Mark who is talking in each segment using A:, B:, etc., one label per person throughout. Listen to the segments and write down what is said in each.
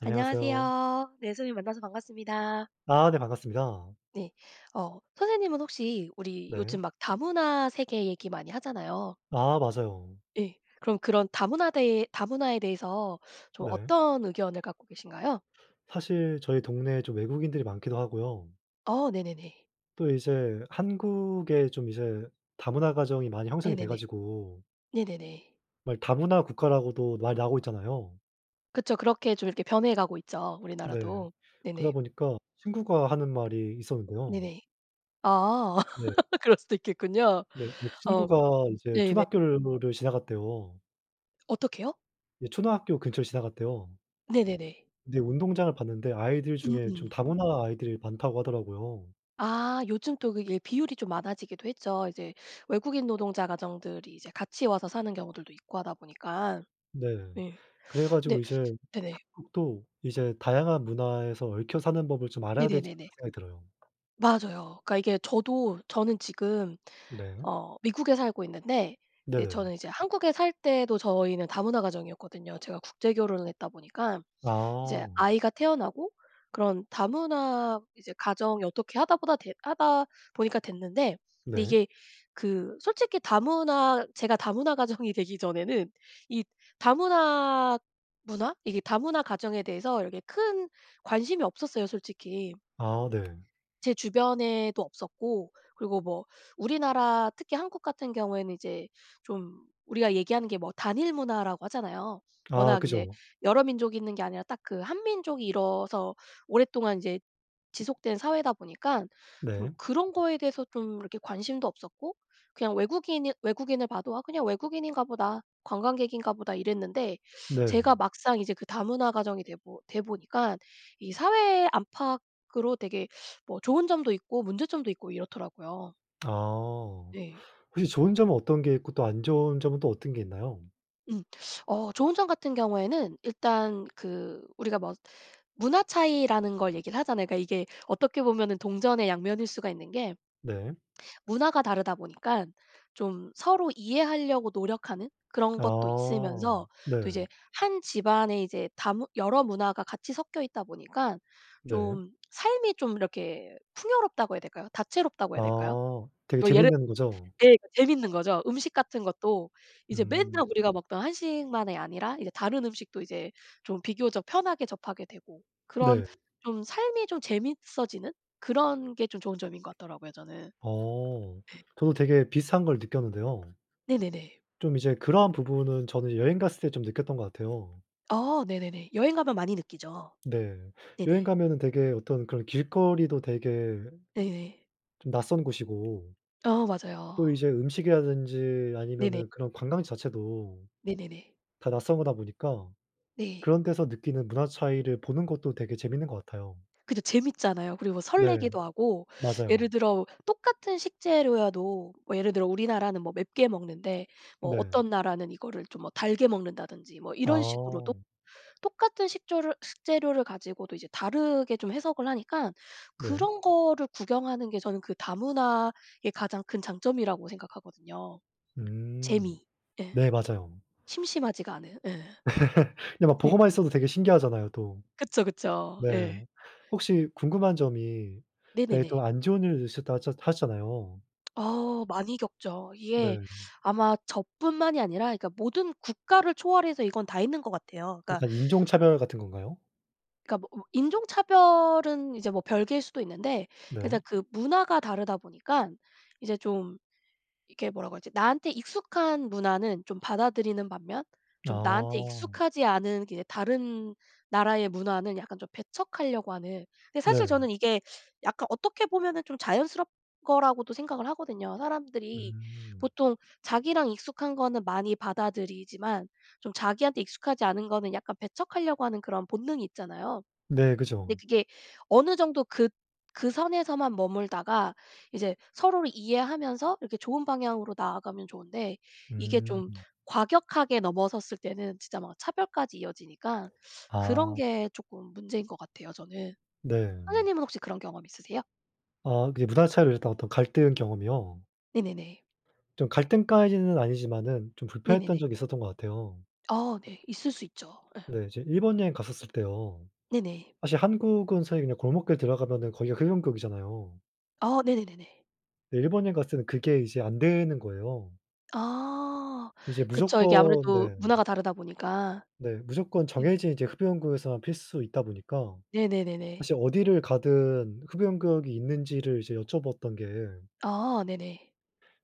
A: 안녕하세요.
B: 안녕하세요. 네. 선생님, 만나서 반갑습니다.
A: 아 네. 반갑습니다.
B: 네. 어 선생님은 혹시 우리
A: 네.
B: 요즘 막 다문화 세계 얘기 많이 하잖아요.
A: 아 맞아요.
B: 예. 그러면 그런 다문화 대해 다문화에 대해서 좀
A: 네.
B: 어떤 의견을 갖고 계신가요?
A: 사실 저희 동네에 좀 외국인들이 많기도 하고요.
B: 어. 네네네.
A: 또 이제 한국에 좀 이제 다문화 가정이 많이 형성이 돼
B: 네네네.
A: 가지고
B: 네네네.
A: 말 다문화 국가라고도 말 나오고 있잖아요.
B: 그쵸. 그렇게 좀 이렇게 변해가고 있죠,
A: 네.
B: 우리나라도.
A: 그러다
B: 네네.
A: 보니까 친구가 하는 말이 있었는데요.
B: 네네. 아.
A: 네.
B: 그럴 수도 있겠군요.
A: 네. 이
B: 어.
A: 친구가 이제
B: 네네.
A: 초등학교 건물을 지나갔대요.
B: 어떻게요?
A: 네. 초등학교 근처를 지나갔대요.
B: 네네네.
A: 근데 운동장을 봤는데 아이들
B: 음
A: 중에 좀
B: 음.
A: 다문화 아이들이 많다고 하더라고요.
B: 아. 요즘 또 그게 비율이 좀 많아지기도 했죠. 이제 외국인 노동자 가정들이 이제 같이 와서 사는 경우들도 있고 하다 보니깐.
A: 네.
B: 네.
A: 그래
B: 근데
A: 가지고 이제
B: 네네.
A: 한국도 이제 다양한 문화에서 얽혀 사는 법을 좀 알아야 되지 않나
B: 네네네네.
A: 생각이 들어요.
B: 맞아요. 그러니까 이게 저도 저는 지금
A: 네.
B: 어 미국에 살고 있는데 이제
A: 네네.
B: 저는 이제 한국에 살 때도 저희는 다문화 가정이었거든요. 제가 국제결혼을 했다 보니까. 이제
A: 아.
B: 아이가 태어나고 그런 다문화 이제 가정이 어떻게 하다 보다 되 하다 보니까 됐는데 근데
A: 네.
B: 이게 그 솔직히 다문화 제가 다문화 가정이 되기 전에는 이 다문화 문화? 이게 다문화 가정에 대해서 이렇게 큰 관심이 없었어요 솔직히.
A: 아 어 네.
B: 제 주변에도 없었고 그리고 뭐 우리나라 특히 한국 같은 경우에는 이제 좀 우리가 얘기하는 게 뭐 단일문화라고 하잖아요.
A: 아
B: 워낙 이제
A: 그죠.
B: 여러 민족이 있는 게 아니라 딱 그 한민족이 이루어서 오랫동안 인제 지속된 사회다 보니깐 좀
A: 네.
B: 그런 거에 대해서 좀 이렇게 관심도 없었고 그냥 외국인일 외국인을 봐도 '아. 그냥 외국인인가 보다. 관광객인가 보다.' 이랬는데 제가
A: 네.
B: 막상 이제 그 다문화 가정이 돼 보 돼 보니까 이 사회 안팎으로 되게 뭐 좋은 점도 있고 문제점도 있고 이렇더라고요.
A: 아.
B: 네.
A: 혹시 좋은 점은 어떤 게 있고 또 안 좋은 점은 또 어떤 게 있나요?
B: 음. 어 좋은 점 같은 경우에는 일단 그 우리가 뭐 문화 차이라는 걸 얘기를 하잖아요. 그러니까 이게 어떻게 보면은 동전의 양면일 수가 있는 게
A: 네.
B: 문화가 다르다 보니깐 좀 서로 이해하려고 노력하는 그런 것도
A: 아.
B: 있으면서 또 이제
A: 네.
B: 1 집안에 이제 다문 여러 문화가 같이 섞여 있다 보니까
A: 네.
B: 좀 삶이 좀 이렇게 풍요롭다고 해야 될까요? 다채롭다고 해야 될까요?
A: 아. 되게
B: 뭐 예를
A: 재밌는 거죠?
B: 예 그 재밌는 거죠. 음식 같은 것도 이제
A: 음.
B: 맨날 우리가 먹던 한식만이 아니라 이제 다른 음식도 이제 좀 비교적 편하게 접하게 되고 그런
A: 네.
B: 좀 삶이 좀 재밌어지는 그런 게 좀 좋은 점인 것 같더라고요 저는.
A: 어.
B: 예.
A: 저도 되게 비슷한 걸 느꼈는데요.
B: 네네네.
A: 좀 이제 그런 부분은 저는 여행 갔을 때 좀 느꼈던 것 같아요.
B: 어. 네네네. 여행 가면 많이 느끼죠.
A: 네. 여행
B: 네네.
A: 가면은 되게 어떤 그런 길거리도 되게
B: 네네.
A: 좀 낯선 곳이고
B: 어
A: 또
B: 맞아요.
A: 이제 음식이라든지
B: 네네.
A: 아니면은 그런 관광지 자체도
B: 네네네.
A: 다 낯선 거다 보니까
B: 네.
A: 그런 데서 느끼는 문화 차이를 보는 것도 되게 재밌는 것 같아요.
B: 그죠. 재밌잖아요. 그리고
A: 네.
B: 설레기도 하고 예를
A: 맞아요.
B: 들어 똑같은 식재료여도 뭐 예를 들어 우리나라는 뭐 맵게 먹는데 뭐
A: 네.
B: 어떤 나라는 이거를 좀 뭐 달게 먹는다든지 뭐 이런 식으로 또
A: 아.
B: 똑같은 식조료 식재료를 가지고도 이제 다르게 좀 해석을 하니까
A: 네.
B: 그런 거를 구경하는 게 저는 그 다문화의 가장 큰 장점이라고 생각하거든요.
A: 음.
B: 재미. 예.
A: 네. 맞아요.
B: 심심하지가 않아요. 예.
A: 네. 막
B: 예.
A: 보고만 있어도 되게 신기하잖아요 또.
B: 그쵸, 그쵸.
A: 네.
B: 예.
A: 혹시 궁금한 점이 되게 또
B: 네네네.
A: 안 좋은 일이 있으셨다 하셨 하셨잖아요.
B: 어우 많이 겪죠. 이게
A: 네.
B: 아마 저뿐만이 아니라 그러니까 모든 국가를 초월해서 이건 다 있는 것 같아요. 그니까
A: 약간 인종차별 같은 건가요?
B: 그니까 뭐 으 인종차별은 이제 뭐 별개일 수도 있는데
A: 네.
B: 일단 그 문화가 다르다 보니깐 이제 좀 이렇게 뭐라고 하지? 나한테 익숙한 문화는 좀 받아들이는 반면 좀 나한테
A: 아.
B: 익숙하지 않은 그 이제 다른 나라의 문화는 약간 좀 배척하려고 하는. 근데 사실
A: 네.
B: 저는 이게 약간 어떻게 보면은 좀 자연스럽 거라고도 생각을 하거든요. 사람들이
A: 음.
B: 보통 자기랑 익숙한 거는 많이 받아들이지만 좀 자기한테 익숙하지 않은 거는 약간 배척하려고 하는 그런 본능이 있잖아요.
A: 네.
B: 근데
A: 그죠.
B: 그게 어느 정도 그 그 선에서만 머물다가 이제 서로를 이해하면서 이렇게 좋은 방향으로 나아가면 좋은데 이게 좀
A: 음.
B: 과격하게 넘어섰을 때는 진짜 막 차별까지 이어지니까 그런
A: 아.
B: 게 쪼끔 문제인 것 같아요 저는.
A: 네.
B: 선생님은 혹시 그런 경험 있으세요?
A: 아. 그게 문화 차이로 이랬던 어떤 갈등 경험이요?
B: 네네네.
A: 좀 갈등까지는 아니지만은 좀 불편했던
B: 네네네.
A: 적이 있었던 것 같아요.
B: 아 네. 있을 수 있죠. 예.
A: 네. 이제 일본 여행 갔었을 때요.
B: 네네.
A: 사실 한국은 사실 그냥 골목길 들어가면은 거기가 흡연구역이잖아요.
B: 아. 네네네네.
A: 근데 일본 여행 갔을 때는 그게 이제 안 되는 거예요.
B: 아.
A: 이제
B: 그쵸. 이게
A: 무조건
B: 아무래도
A: 네.
B: 문화가 다르다 보니까.
A: 네. 무조건
B: 네네.
A: 정해진 이제 흡연구역에서만 피울 수 있다 보니까
B: 네네네네.
A: 사실 어디를 가든 흡연구역이 있는지를 이제 여쭤봤던 게
B: 아. 네네.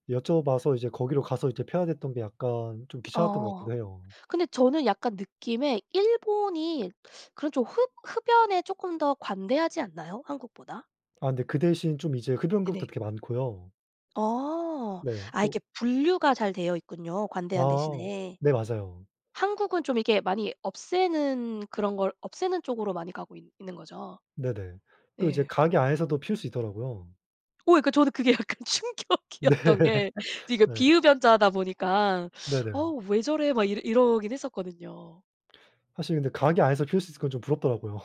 A: 여쭤봐서 이제 거기로 가서 이제 피워야 됐던 게 약간 좀 귀찮았던 것
B: 어.
A: 같기도 해요.
B: 근데 저는 약간 느낌에 일본이 그런 좀 흡 흡연에 쪼끔 더 관대하지 않나요, 한국보다?
A: 아 근데 그 대신 좀 이제
B: 네네.
A: 흡연구역도 되게 많고요.
B: 어.
A: 네.
B: 아 이렇게
A: 또
B: 분류가 잘 되어 있군요, 관대한
A: 아
B: 대신에.
A: 네. 맞아요.
B: 한국은 좀 이렇게 많이 없애는 그런 걸 없애는 쪽으로 많이 가고 있 있는 거죠?
A: 네네. 또 이제
B: 예.
A: 가게 안에서도 피울 수 있더라고요.
B: 오 예 그 저도 그게 약간
A: 네.
B: 충격이었던 게 제가
A: 네.
B: 비흡연자다 보니까 '어
A: 네네.
B: 왜 저래?' 막 이러 이러긴 했었거든요.
A: 사실 근데 가게 안에서 피울 수 있는 건 좀 부럽더라고요.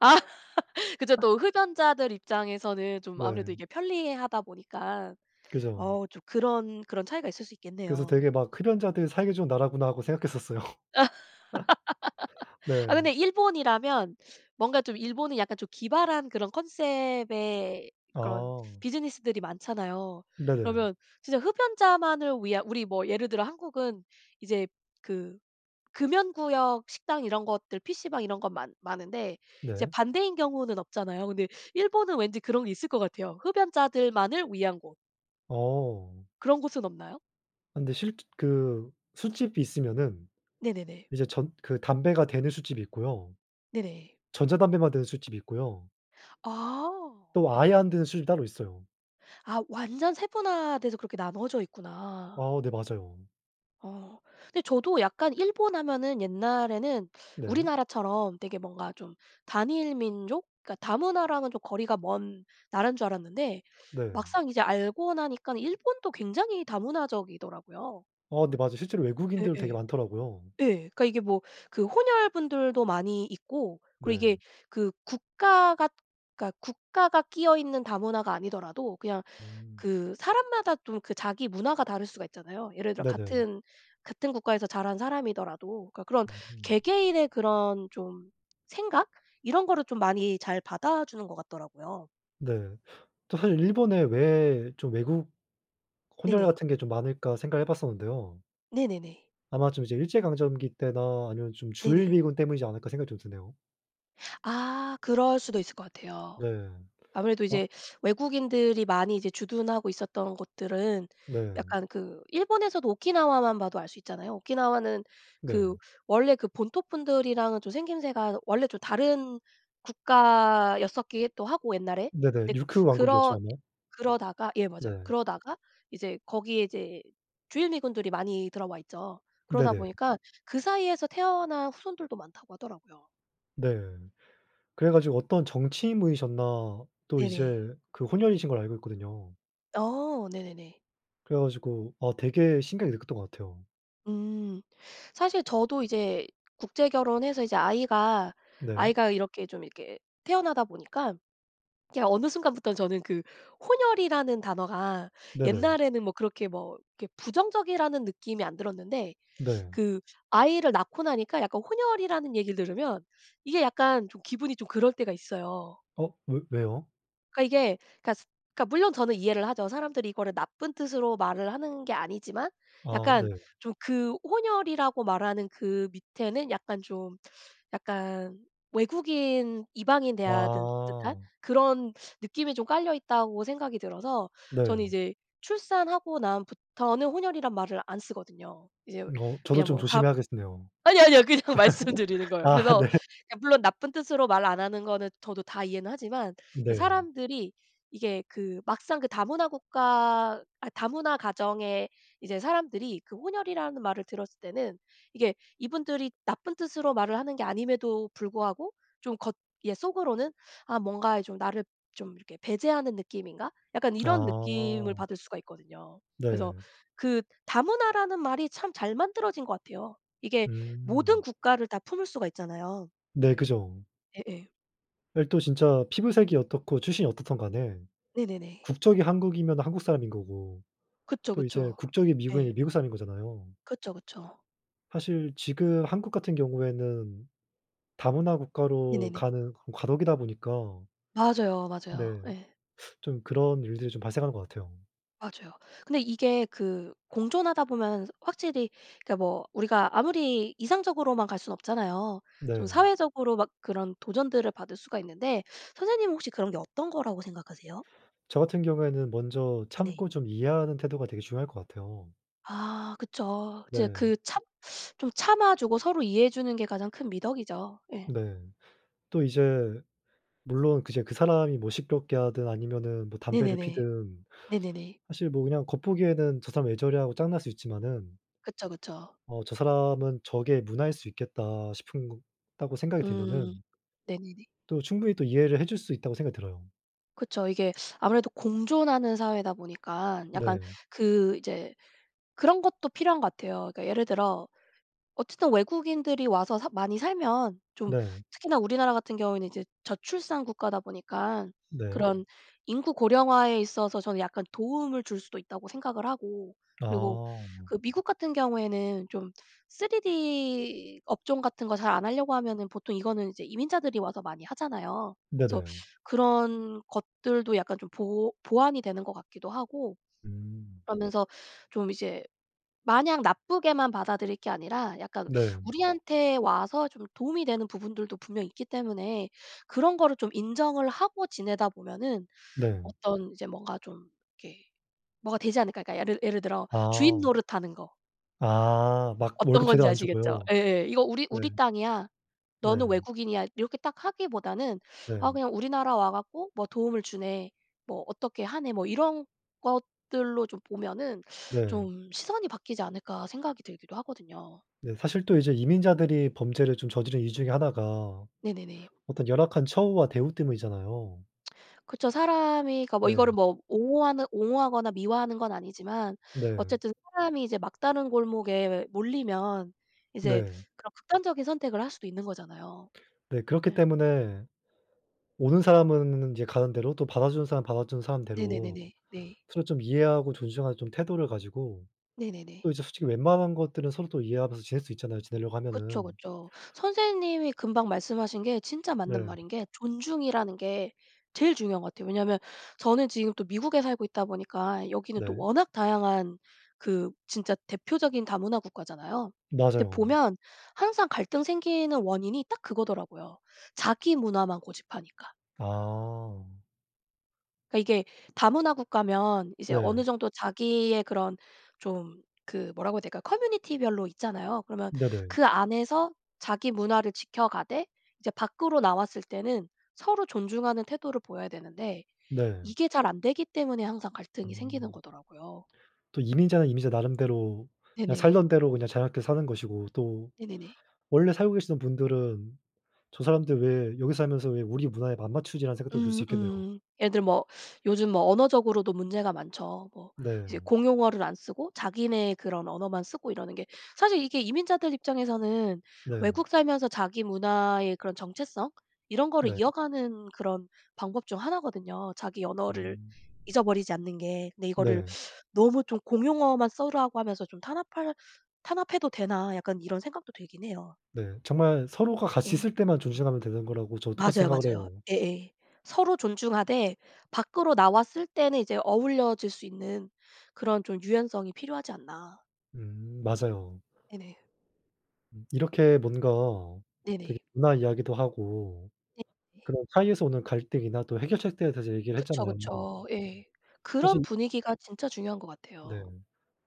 B: 그죠. 또 흡연자들 입장에서는 좀 아무래도
A: 네.
B: 이게 편리하다 보니깐
A: 그죠.
B: 어우 좀 그런, 그런 차이가 있을 수
A: 그래서
B: 있겠네요.
A: 되게 막 '흡연자들 살기 좋은 나라구나.' 하고 생각했었어요. 네.
B: 아 근데 일본이라면 뭔가 좀 일본은 약간 좀 기발한 그런 콘셉트의 그런
A: 아.
B: 비즈니스들이 많잖아요.
A: 네네.
B: 그러면 진짜 흡연자만을 위한 우리 뭐 예를 들어 한국은 이제 그 금연구역 식당 이런 것들 PC방 이런 건 많 많은데 이제
A: 네.
B: 반대인 경우는 없잖아요. 근데 일본은 왠지 그런 게 있을 것 같아요, 흡연자들만을 위한 곳.
A: 어.
B: 그런 곳은 없나요?
A: 아 근데 실즈 그 술집이 있으면은
B: 네네네.
A: 이제 전 그 담배가 되는 술집이 있고요.
B: 네네.
A: 전자담배만 되는 술집이 있고요.
B: 아.
A: 또 아예 안 되는 술집이 따로 있어요.
B: 아. 완전 세분화돼서 그렇게 나누어져 있구나.
A: 아 네. 맞아요.
B: 어. 근데 저도 약간 일본 하면은 옛날에는
A: 네.
B: 우리나라처럼 되게 뭔가 좀 단일민족 그러니까 다문화랑은 좀 거리가 먼 나라인 줄 알았는데
A: 네.
B: 막상 이제 알고 나니깐 일본도 굉장히 다문화적이더라고요.
A: 어 네. 맞아요. 실제로 외국인들도 되게
B: 예예.
A: 많더라고요.
B: 예. 그러니까 이게 뭐 그 혼혈 분들도 많이 있고 그리고
A: 네.
B: 이게 그 국가가 그러니까 국가가 끼어있는 다문화가 아니더라도 그냥
A: 음.
B: 그 사람마다 또 그 자기 문화가 다를 수가 있잖아요. 예를 들어
A: 네네.
B: 같은, 같은 국가에서 자란 사람이더라도 그러니까 그런
A: 음.
B: 개개인의 그런 좀 생각? 이런 거를 좀 많이 잘 받아 주는 것 같더라고요.
A: 네. 또 사실 일본에 왜 좀 외국 혼혈
B: 네네.
A: 같은 게 좀 많을까 생각을 해 봤었는데요.
B: 네네네.
A: 아마 좀 이제 일제강점기 때나 아니면 좀
B: 네네.
A: 주일미군 때문이지 않을까 생각이 좀 드네요.
B: 아. 그럴 수도 있을 것 같아요.
A: 네.
B: 아무래도
A: 아.
B: 이제 외국인들이 많이 이제 주둔하고 있었던 곳들은
A: 네.
B: 약간 그 일본에서도 오키나와만 봐도 알 수 있잖아요. 오키나와는 그
A: 네.
B: 원래 그 본토분들이랑은 좀 생김새가 원래 좀 다른 국가였었기에 또 하고 옛날에.
A: 네네.
B: 네.
A: 류큐 왕국이었지
B: 그러
A: 않아요?
B: 그러다가 예 맞아요.
A: 네.
B: 그러다가 이제 거기에 이제 주일미군들이 많이 들어와 있죠. 그러다
A: 네네.
B: 보니까 그 사이에서 태어난 후손들도 많다고 하더라고요.
A: 네. 그래 가지고 어떤 정치인 분이셨나 또
B: 네네.
A: 이제 그 혼혈이신 걸로 알고 있거든요.
B: 어. 네네네.
A: 그래 가지고 아 되게 신기하게 느꼈던 것 같아요.
B: 음. 사실 저도 이제 국제결혼해서 이제 아이가,
A: 네.
B: 아이가 이렇게 좀 이렇게 태어나다 보니까 그냥 어느 순간부터 저는 그 혼혈이라는 단어가
A: 네네.
B: 옛날에는 뭐 그렇게 뭐 그렇게 부정적이라는 느낌이 안 들었는데
A: 네.
B: 그 아이를 낳고 나니까 약간 혼혈이라는 얘기를 들으면 이게 약간 좀 기분이 좀 그럴 때가 있어요.
A: 어. 왜 왜요?
B: 그니까 이게 그러니까 그러니까 물론 저는 이해를 하죠. 사람들이 이거를 나쁜 뜻으로 말을 하는 게 아니지만
A: 아
B: 약간
A: 네.
B: 좀 그 혼혈이라고 말하는 그 밑에는 약간 좀 약간 외국인, 이방인 대하든 듯한
A: 아.
B: 그런 느낌이 좀 깔려 있다고 생각이 들어서 저는
A: 네.
B: 이제 출산하고 난 부터는 혼혈이란 말을 안 쓰거든요. 이제
A: 어 저도
B: 그냥
A: 좀
B: 뭐 다
A: 조심해야겠네요.
B: 아뇨, 아뇨. 그냥 말씀드리는 거예요.
A: 아
B: 그래서
A: 네.
B: 그러니까 물론 나쁜 뜻으로 말 안 하는 거는 저도 다 이해는 하지만 이게
A: 네.
B: 사람들이 이게 그 막상 그 다문화 국가 아 다문화 가정에 이제 사람들이 그 혼혈이라는 말을 들었을 때는 이게 이분들이 나쁜 뜻으로 말을 하는 게 아님에도 불구하고 좀 겉 예 속으로는 '아 뭔가 이 좀 나를 좀 이렇게 배제하는 느낌인가?' 약간 이런 느낌을
A: 아.
B: 받을 수가 있거든요. 그래서
A: 네.
B: 그 다문화라는 말이 참 잘 만들어진 것 같아요. 이게 모든
A: 음.
B: 국가를 다 품을 수가 있잖아요.
A: 네. 그죠.
B: 예예.
A: 네. 또 진짜 피부색이 어떻고 출신이 어떻든 간에
B: 네네네.
A: 국적이 한국이면은 한국 사람인 거고
B: 그쵸,
A: 또 이제
B: 그쵸.
A: 국적이 미국이면
B: 예.
A: 미국 사람인 거잖아요.
B: 그쵸, 그쵸.
A: 사실 지금 한국 같은 경우에는 다문화 국가로
B: 네네네.
A: 가는 그런 과도기다 보니까
B: 맞아요, 맞아요.
A: 네.
B: 예.
A: 좀 그런 일들이 좀 발생하는 것 같아요.
B: 맞아요. 근데 이게 그 공존하다 보면 확실히 그니까 뭐 우리가 아무리 이상적으로만 갈 순 없잖아요. 좀
A: 네.
B: 사회적으로 막 그런 도전들을 받을 수가 있는데 선생님은 혹시 그런 게 어떤 거라고 생각하세요?
A: 저 같은 경우에는 먼저
B: 네네.
A: 참고 좀 이해하는 태도가 되게 중요할 것 같아요.
B: 아. 그쵸. 진짜
A: 네.
B: 그 참 좀 참아 주고 서로 이해해 주는 게 가장 큰 미덕이죠. 예.
A: 네. 또 이제 물론 그 제 그 사람이 뭐 시끄럽게 하든 아니면은 뭐 담배를
B: 네네네.
A: 피우든
B: 네네네.
A: 사실 뭐 그냥 겉보기에는 '저 사람 왜 저래?' 하고 짜증날 수 있지만은
B: 그쵸, 그쵸.
A: 어 '저 사람은 저게 문화일 수 있겠다.' 싶은 거 다고 생각이
B: 음.
A: 들면은
B: 네네네.
A: 또 충분히 또 이해를 해줄 수 있다고 생각이 들어요.
B: 그쵸. 이게 아무래도 공존하는 사회다 보니까 약간
A: 네.
B: 그 이제 그런 것도 필요한 것 같아요. 그러니까 예를 들어 어쨌든 외국인들이 와서 사 많이 살면 좀
A: 네.
B: 특히나 우리나라 같은 경우에는 이제 저출산 국가다 보니깐
A: 네.
B: 그런 인구 고령화에 있어서 저는 약간 도움을 줄 수도 있다고 생각을 하고 그리고
A: 아.
B: 그 미국 같은 경우에는 좀 3D 업종 같은 거 잘 안 하려고 하면은 보통 이거는 이제 이민자들이 와서 많이 하잖아요. 그래서
A: 네네.
B: 그런 것들도 약간 좀 보 보완이 되는 것 같기도 하고
A: 음.
B: 그러면서 좀 이제 마냥 나쁘게만 받아들일 게 아니라 약간
A: 네.
B: 우리한테 와서 좀 도움이 되는 부분들도 분명히 있기 때문에 그런 거를 좀 인정을 하고 지내다 보면은
A: 네.
B: 어떤 이제 뭔가 좀 이렇게 뭐가 되지 않을까? 그러니까 약간 예를 예를 들어 주인
A: 아.
B: 노릇 하는 거.
A: 아. 막
B: 어떤
A: 월급 제대로
B: 건지
A: 안
B: 아시겠죠?
A: 주고요.
B: 예예. "이거 우리 우리
A: 네.
B: 땅이야. 너는
A: 네.
B: 외국인이야." 이렇게 딱 하기보다는 아
A: 네.
B: 그냥 "우리나라 와 갖고 뭐 도움을 주네. 뭐 어떻게 하네." 뭐 이런 것들로 좀 보면은
A: 네.
B: 좀 '시선이 바뀌지 않을까.' 생각이 들기도 하거든요.
A: 네. 사실 또 이제 이민자들이 범죄를 좀 저지르는 이유 중의 하나가
B: 네네네.
A: 어떤 열악한 처우와 대우 때문이잖아요.
B: 그쵸. 사람이니까 이거를
A: 네.
B: 뭐 옹호하는 옹호하거나 미워하는 건 아니지만
A: 네.
B: 어쨌든 사람이 이제 막다른 골목에 몰리면 이제
A: 네.
B: 그런 극단적인 선택을 할 수도 있는 거잖아요.
A: 네. 그렇기
B: 네.
A: 때문에 오는 사람은 인제 가는 대로 또 받아주는 사람 받아주는 사람 대로
B: 네네네네. 네.
A: 서로 좀 이해하고 존중하는 좀 태도를 가지고
B: 네네네.
A: 또 이제 솔직히 웬만한 것들은 서로 또 이해하면서 지낼 수 있잖아요, 지내려고
B: 그쵸,
A: 하면은.
B: 그쵸. 선생님이 금방 말씀하신 게 진짜 맞는
A: 네.
B: 말인 게 존중이라는 게 제일 중요한 것 같아요. 왜냐하면 저는 지금 또 미국에 살고 있다 보니까 여기는 또
A: 네.
B: 워낙 다양한 그 진짜 대표적인 다문화 국가잖아요. 근데
A: 맞아요.
B: 보면 항상 갈등 생기는 원인이 딱 그거더라고요. 자기 문화만 고집하니까.
A: 아.
B: 그러니까 이게 다문화 국가면 이제 어느
A: 네.
B: 정도 자기의 그런 좀 그 뭐라고 해야 될까요? 커뮤니티별로 있잖아요. 그러면
A: 네네.
B: 그 안에서 자기 문화를 지켜가되 이제 밖으로 나왔을 때는 서로 존중하는 태도를 보여야 되는데
A: 네.
B: 이게 잘 안되기 때문에 항상 갈등이 생기는
A: 음.
B: 거더라고요.
A: 또 이민자는 이민자 나름대로 그냥
B: 네네.
A: 살던 대로 그냥 자유롭게 사는 것이고 또
B: 네네네.
A: 원래 살고 계시는 분들은 '저 사람들 왜 여기서 살면서 왜 우리 문화에 안 맞추지?'라는 생각도 들 수
B: 음
A: 있겠네요.
B: 음. 예를 들면 뭐 요즘 뭐 언어적으로도 문제가 많죠. 뭐
A: 네.
B: 이제 공용어를 안 쓰고 자기네 그런 언어만 쓰고 이러는 게 사실 이게 이민자들 입장에서는
A: 네.
B: 외국 살면서 자기 문화의 그런 정체성 이런 거를
A: 네.
B: 이어가는 그런 방법 중 하나거든요, 자기 언어를
A: 음.
B: 잊어버리지 않는 게. 근데 이거를
A: 네.
B: '너무 좀 공용어만 쓰라고 하면서 좀 탄압할 탄압해도 되나?' 약간 이런 생각도 들긴 해요.
A: 네. 정말 서로가 같이
B: 예.
A: 있을 때만 존중하면 되는 거라고 저도 똑같이
B: 맞아요,
A: 생각을
B: 맞아요.
A: 해요.
B: 예예. 서로 존중하되 밖으로 나왔을 때는 이제 어우러질 수 있는 그런 좀 유연성이 필요하지 않나.
A: 음. 맞아요.
B: 네네.
A: 음. 이렇게 뭔가 되게
B: 네네.
A: 문화 이야기도 하고
B: 네네.
A: 그런 사이에서 오는 갈등이나 또 해결책들에 대해서 얘기를
B: 그쵸,
A: 했잖아요.
B: 그쵸. 예. 그런
A: 사실
B: 분위기가 진짜 중요한 것 같아요.
A: 네.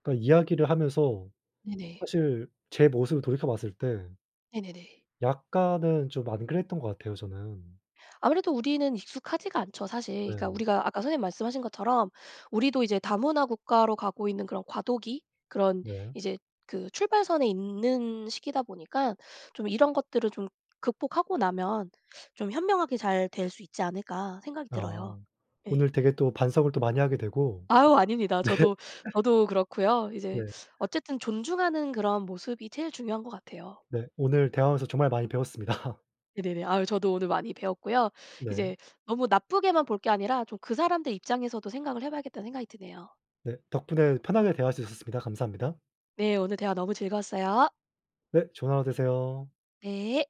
A: 그러니까 이야기를 하면서
B: 네네.
A: 사실 제 모습을 돌이켜봤을 때
B: 네네네.
A: 약간은 좀 안 그랬던 것 같아요 저는.
B: 아무래도 우리는 익숙하지가 않죠 사실. 그러니까
A: 네.
B: 우리가 아까 선생님 말씀하신 것처럼 우리도 이제 다문화 국가로 가고 있는 그런 과도기, 그런
A: 네.
B: 이제 그 출발선에 있는 시기다 보니까 좀 '이런 것들을 좀 극복하고 나면 좀 현명하게 잘 될 수 있지 않을까.' 생각이
A: 아.
B: 들어요. 예.
A: 오늘 되게 또 반성을 또 많이 하게 되고
B: 아유. 아닙니다.
A: 네.
B: 저도, 저도 그렇고요.
A: 네.
B: 이제 어쨌든 존중하는 그런 모습이 제일 중요한 것 같아요.
A: 네. 오늘 대화 하면서 정말 많이 배웠습니다.
B: 네네네. 아유. 저도 오늘 많이 배웠고요.
A: 네.
B: 이제 너무 나쁘게만 볼 게 아니라 좀 그 사람들 입장에서도 생각을 해 봐야겠다는 생각이 드네요.
A: 네. 덕분에 편하게 대화할 수 있었습니다. 감사합니다.
B: 네. 오늘 대화 너무 즐거웠어요.
A: 네. 좋은 하루 되세요.
B: 네.